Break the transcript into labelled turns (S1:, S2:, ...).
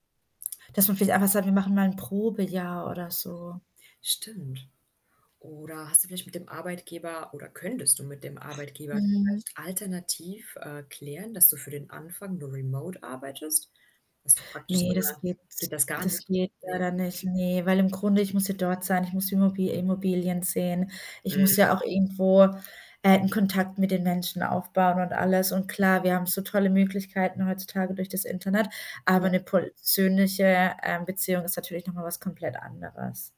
S1: Dass man vielleicht einfach sagt, wir machen mal 'n Probejahr oder so.
S2: Stimmt. Oder hast du vielleicht mit dem Arbeitgeber oder könntest du mit dem Arbeitgeber
S1: Mhm.
S2: vielleicht alternativ, äh, klären, dass du für den Anfang nur remote arbeitest? Dass du praktisch so
S1: Ne, das
S2: 'ne
S1: geht
S2: geht das gar
S1: das
S2: nicht?
S1: geht
S2: Ne?
S1: leider nicht. Ne, weil im Grunde, ich muss ja dort sein. Ich muss die Immobi Immobilien sehen. Ich muss
S2: Mhm.
S1: ja auch irgendwo, äh, 'n Kontakt mit den Menschen aufbauen und alles. Und klar, wir haben so tolle Möglichkeiten heutzutage durch das Internet, aber
S2: Ja.
S1: 'ne persönliche, ähm, Beziehung ist natürlich noch mal was komplett anderes.